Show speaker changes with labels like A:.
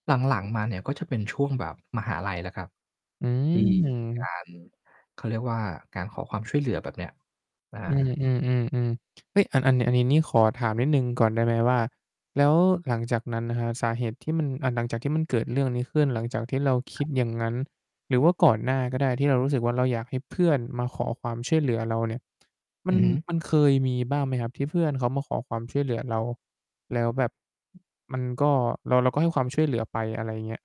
A: หลัง ๆ มา เนี่ย ก็จะเป็นช่วงแบบมหาลัยแล้วครับ
B: อื
A: ที่ มี กา
B: ม
A: ร เขาเรียกว่าการขอความช่วยเหลือแบบเนี้ย อา
B: อืม ๆ ๆ ๆ เฮ้ย อัน อันเนี่ย อันนี้ขอถามนิดหนึ่งก่อนได้ไหมว่า แล้วหลังจากนั้นน่ะครับ สาเหตุที่มัน อ่า หลังจากที่มันเกิดเรื่องนี้ขึ้นหลังจากที่เราค
A: คร
B: ิ
A: ับ
B: ดอย่างงั้น หรือว่าก่อนหน้าก็ได้ ที่เรารู้สึกว่าเราอยากให้เพื่อนมาขอความช่วยเหลือเราเนี่ย มั
A: อ
B: น
A: ือฮึ
B: มันเคยมีบ้างไหมครับที่เพื่อนเขามาขอความช่วยเหลือเรา? แล้วแบบ มันก็ เรา เราก็ให้ความช่วยเหลือไปอะไรอย่างเงี้ย